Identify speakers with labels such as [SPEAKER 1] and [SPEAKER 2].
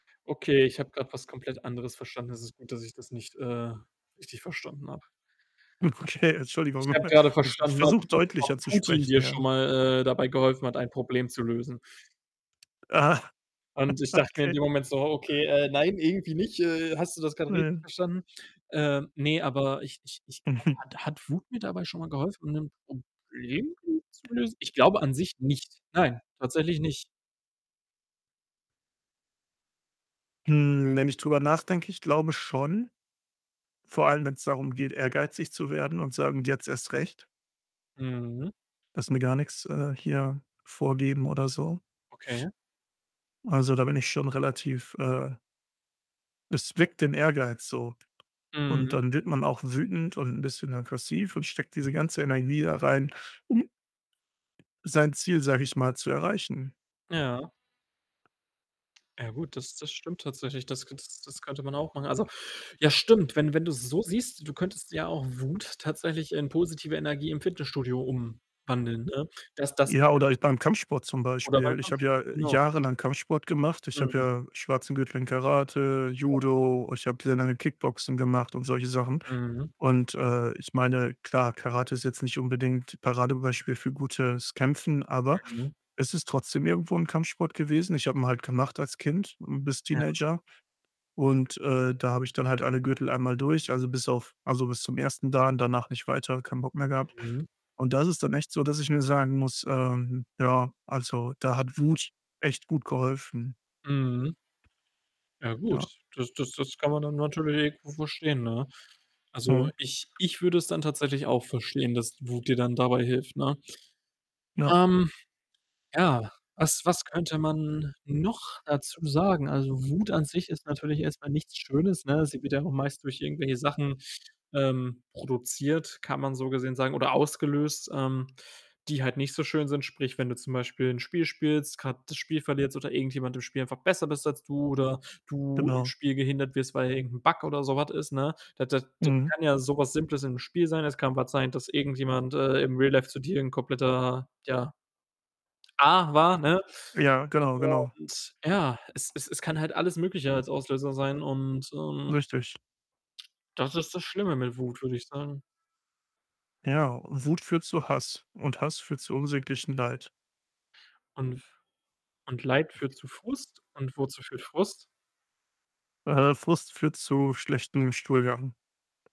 [SPEAKER 1] Okay, ich habe grad was komplett anderes verstanden. Es ist gut, dass ich das nicht, äh, richtig verstanden habe.
[SPEAKER 2] Okay,
[SPEAKER 1] Ich
[SPEAKER 2] Entschuldigung.
[SPEAKER 1] habe gerade
[SPEAKER 2] Ich ich
[SPEAKER 1] verstanden, ob
[SPEAKER 2] versuche,
[SPEAKER 1] Putin ob
[SPEAKER 2] deutlicher zu
[SPEAKER 1] Putin
[SPEAKER 2] sprechen,
[SPEAKER 1] dir schon
[SPEAKER 2] ja.
[SPEAKER 1] mal, äh, dabei geholfen hat, ein Problem zu lösen.
[SPEAKER 2] Ah,
[SPEAKER 1] Und ich dachte mir in
[SPEAKER 2] okay.
[SPEAKER 1] dem Moment so: „Okay, äh, nein, irgendwie nicht. Äh, hast du das grad richtig
[SPEAKER 2] [unintelligible]
[SPEAKER 1] verstanden?“ Ähm, ne, aber ich ich ich glaube, hat hat Wut mir dabei schon mal geholfen, 'n Problem [unintelligible] zu lösen? Ich glaube an sich nicht. Nein, tatsächlich nicht.
[SPEAKER 2] Hm, wenn ich drüber nachdenke, ich glaube schon. Vor allem, wenn's darum geht, ehrgeizig zu werden und sagen: „Jetzt erst recht.“
[SPEAKER 1] Mhm.
[SPEAKER 2] „Lasse mir gar nix, äh, hier vorgeben“ oder so.
[SPEAKER 1] Okay.
[SPEAKER 2] Also, da bin ich schon relativ, äh es weckt den Ehrgeiz so und
[SPEAKER 1] Mhm.
[SPEAKER 2] dann wird man auch wütend und 'n bisschen aggressiv und steckt
[SPEAKER 1] Mhm.
[SPEAKER 2] diese ganze Energie da rein, um sein Ziel, sage ich mal, zu erreichen.
[SPEAKER 1] Ja. Ja gut, das das stimmt tatsächlich. Das k das das könnte man auch machen. Also ja, stimmt. Wenn wenn du's so siehst, du könntest ja auch Wut tatsächlich in positive Energie im Fitnessstudio umwandeln, ne? Das das wär
[SPEAKER 2] Ja,
[SPEAKER 1] ja
[SPEAKER 2] oder
[SPEAKER 1] auch
[SPEAKER 2] i beim Kampfsport zum
[SPEAKER 1] Oder beim
[SPEAKER 2] Beispiel. Ich habe
[SPEAKER 1] Kampfsport.
[SPEAKER 2] ja
[SPEAKER 1] Genau.
[SPEAKER 2] jahrelang Kampfsport gemacht. Ich habe
[SPEAKER 1] Mhm.
[SPEAKER 2] ja schwarzen Gürtel in Karate,
[SPEAKER 1] Genau.
[SPEAKER 2] Judo, ich habe sehr lange Kickboxen gemacht und solche Sachen
[SPEAKER 1] Mhm.
[SPEAKER 2] und, äh, ich meine, klar, Karate ist jetzt nicht unbedingt Paradebeispiel für gutes Kämpfen, aber
[SPEAKER 1] Mhm.
[SPEAKER 2] es ist trotzdem irgendwo 'n Kampfsport gewesen. Ich habe ihn halt gemacht als Kind, hm, bis
[SPEAKER 1] Ja.
[SPEAKER 2] Teenager und, äh, da habe ich dann halt alle Gürtel einmal durch, also, bis auf also, bis zum ersten Dan, danach nicht weiter, keinen Bock mehr gehabt
[SPEAKER 1] Mhm.
[SPEAKER 2] und da ist es dann echt so, dass ich mir sagen muss, ähm: Ja, also, da hat Wut echt gut geholfen.
[SPEAKER 1] Mhm. Ja gut,
[SPEAKER 2] Ja.
[SPEAKER 1] das das das kann man dann natürlich irgendwo verstehen, ne? Also,
[SPEAKER 2] Mhm.
[SPEAKER 1] ich ich würde es dann tatsächlich auch verstehen, dass Wut dir dann dabei hilft, ne?
[SPEAKER 2] Ja.
[SPEAKER 1] Ähm, ja, was was könnte man noch dazu sagen? Also, Wut an sich ist natürlich erst mal nichts Schönes, ne? Sie wird ja auch meist durch irgendwelche Sachen, ähm, produziert, kann man so gesehen sagen, oder ausgelöst, ähm, die halt nicht so schön sind. Sprich, wenn du zum Beispiel 'n Spiel spielst, grad das Spiel verlierst oder irgendjemand im Spiel einfach besser bist als du oder du im
[SPEAKER 2] Genau.
[SPEAKER 1] Spiel gehindert wirst, weil irgend 'n Bug oder so was ist, ne? Das das das
[SPEAKER 2] Mhm.
[SPEAKER 1] kann ja so was Simples in 'nem Spiel sein. Es kann was sein, dass irgendjemand, äh, im Real Life zu dir 'n kompletter, ja, Ar war, ne,
[SPEAKER 2] Ja, genau, genau.
[SPEAKER 1] und ja, es es es kann halt alles Mögliche als Auslöser sein und, ähm
[SPEAKER 2] Richtig.
[SPEAKER 1] das ist das Schlimme mit Wut, würde ich sagen.
[SPEAKER 2] Ja, Wut führt zu Hass und Hass führt zu unsäglichem Leid.
[SPEAKER 1] Und f und Leid führt zu Frust und wozu führt Frust?
[SPEAKER 2] Äh, Frust führt zu schlechtem Stuhlgang.